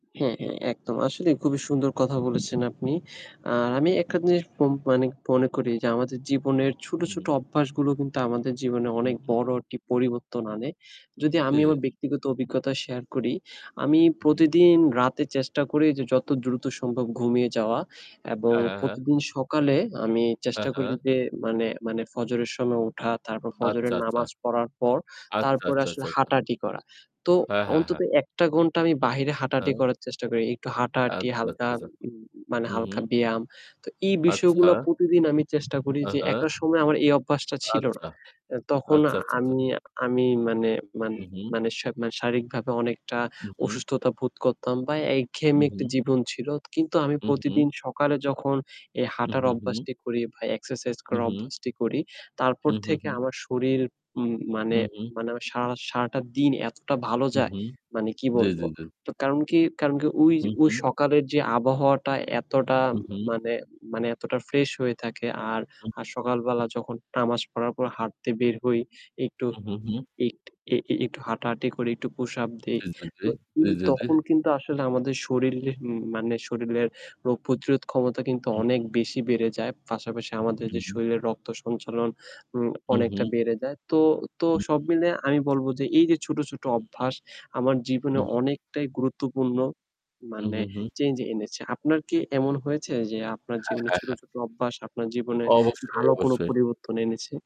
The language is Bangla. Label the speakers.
Speaker 1: হ্যাঁ, হ্যাঁ একদম। আসলেই খুবই সুন্দর কথা বলেছেন আপনি। আর আমি
Speaker 2: হু, হু।
Speaker 1: একটা জিনিস উম মানে মনে করি যে আমাদের জীবনের ছোট,
Speaker 2: হু,
Speaker 1: ছোট
Speaker 2: হু।
Speaker 1: অভ্যাসগুলো কিন্তু আমাদের জীবনে
Speaker 2: হু,
Speaker 1: অনেক
Speaker 2: হু।
Speaker 1: বড় একটি পরিবর্তন আনে। যদি
Speaker 2: জি,
Speaker 1: আমি
Speaker 2: জি, জি।
Speaker 1: আমার ব্যক্তিগত অভিজ্ঞতা শেয়ার করি, আমি
Speaker 2: হু, হু।
Speaker 1: প্রতিদিন রাতে চেষ্টা করি যে যত দ্রুত সম্ভব ঘুমিয়ে যাওয়া এবং
Speaker 2: হ্যাঁ, হ্যাঁ, হ্যাঁ।
Speaker 1: প্রতিদিন সকালে আমি
Speaker 2: হ্যাঁ,
Speaker 1: চেষ্টা করি
Speaker 2: হ্যাঁ।
Speaker 1: যে মানে মানে ফজরের সময় উঠা, তারপর
Speaker 2: আচ্ছা,
Speaker 1: ফজরের
Speaker 2: আচ্ছা।
Speaker 1: নামাজ পড়ার পর
Speaker 2: আচ্ছা,
Speaker 1: তারপরে
Speaker 2: আচ্ছা,
Speaker 1: আসলে
Speaker 2: আচ্ছা, আচ্ছা।
Speaker 1: হাঁটাহাঁটি করা। তো
Speaker 2: হ্যাঁ, হ্যাঁ,
Speaker 1: অন্তত
Speaker 2: হ্যাঁ।
Speaker 1: ১ টা ঘণ্টা আমি বাহিরে হাঁটাহাঁটি
Speaker 2: হ্যাঁ।
Speaker 1: করার চেষ্টা করি। একটু হাঁটাহাঁটি
Speaker 2: আচ্ছা, আচ্ছা,
Speaker 1: হালকা
Speaker 2: আচ্ছা।
Speaker 1: উম উম মানে
Speaker 2: হু, হু।
Speaker 1: হালকা ব্যায়াম। তো এই বিষয়গুলো
Speaker 2: আচ্ছা।
Speaker 1: প্রতিদিন আমি চেষ্টা করি
Speaker 2: হ্যাঁ,
Speaker 1: যে
Speaker 2: হ্যাঁ।
Speaker 1: একটা সময় আমার এই অভ্যাসটা ছিল না।
Speaker 2: আচ্ছা,
Speaker 1: এ তখন
Speaker 2: আচ্ছা, আচ্ছা, আচ্ছা।
Speaker 1: আমি আমি মানে মান
Speaker 2: হু, হু।
Speaker 1: মানে শা মানে শারীরিকভাবে অনেকটা
Speaker 2: হু, হু।
Speaker 1: অসুস্থতা বোধ করতাম বা
Speaker 2: হু,
Speaker 1: একঘেয়েমী একটা
Speaker 2: হু।
Speaker 1: জীবন ছিল। কিন্তু আমি
Speaker 2: হু, হু।
Speaker 1: প্রতিদিন সকালে যখন এ
Speaker 2: হু,
Speaker 1: হাঁটার
Speaker 2: হু, হু।
Speaker 1: অভ্যাসটি করি বা এক্সারসাইজ
Speaker 2: হু,
Speaker 1: করার
Speaker 2: হু।
Speaker 1: অভ্যাসটি করি, তারপর
Speaker 2: হু, হু,
Speaker 1: থেকে
Speaker 2: হু।
Speaker 1: আমার শরীর উম মানে
Speaker 2: হু, হুঁ।
Speaker 1: মানে আমার সারা সারাটা দিন এতটা ভালো
Speaker 2: হুম,
Speaker 1: যায়
Speaker 2: হুম।
Speaker 1: মানে কি
Speaker 2: জি, জি,
Speaker 1: বলবো!
Speaker 2: জি।
Speaker 1: তো কারণ কি কারণ কি? ওই
Speaker 2: হু,
Speaker 1: ওই
Speaker 2: হু।
Speaker 1: সকালের যে আবহাওয়াটা এতটা
Speaker 2: হু, হু।
Speaker 1: মানে মানে এতটা ফ্রেশ হয়ে থাকে। আর
Speaker 2: হু,
Speaker 1: আর
Speaker 2: হু।
Speaker 1: সকালবেলা যখন নামাজ পড়ার পর হাঁটতে বের হই, একটু
Speaker 2: হু, হু, হু।
Speaker 1: এক এ এ একটু হাঁটাহাঁটি করি, একটু push up দেই।
Speaker 2: জি, জি, জি,
Speaker 1: তো
Speaker 2: জি,
Speaker 1: উম
Speaker 2: জি, জি।
Speaker 1: তখন কিন্তু আসলে আমাদের
Speaker 2: হু,
Speaker 1: শরীর
Speaker 2: হু।
Speaker 1: উম মানে শরীরের রোগ-প্রতিরোধ ক্ষমতা কিন্তু
Speaker 2: হু,
Speaker 1: অনেক
Speaker 2: হু।
Speaker 1: বেশি বেড়ে যায়। পাশাপাশি আমাদের
Speaker 2: হু,
Speaker 1: যে
Speaker 2: হু।
Speaker 1: শরীরের রক্ত সঞ্চালন উম
Speaker 2: হু, হু।
Speaker 1: অনেকটা বেড়ে যায়। তো তো সব মিলে আমি বলবো যে এই যে ছোট, ছোট
Speaker 2: হু, হু।
Speaker 1: অভ্যাস আমার
Speaker 2: হু,
Speaker 1: জীবনে
Speaker 2: হু।
Speaker 1: অনেকটাই গুরুত্বপূর্ণ
Speaker 2: হু,
Speaker 1: মানে
Speaker 2: হু, হু।
Speaker 1: চেঞ্জ এনেছে। আপনার কি এমন হয়েছে যে আপনার
Speaker 2: হ্যাঁ,
Speaker 1: জীবনে
Speaker 2: হ্যাঁ,
Speaker 1: ছোট,
Speaker 2: হ্যাঁ।
Speaker 1: ছোট অভ্যাস আপনার জীবনে
Speaker 2: অবশ্যই,
Speaker 1: ভালো কোন
Speaker 2: অবশ্যই।
Speaker 1: পরিবর্তন এনেছে?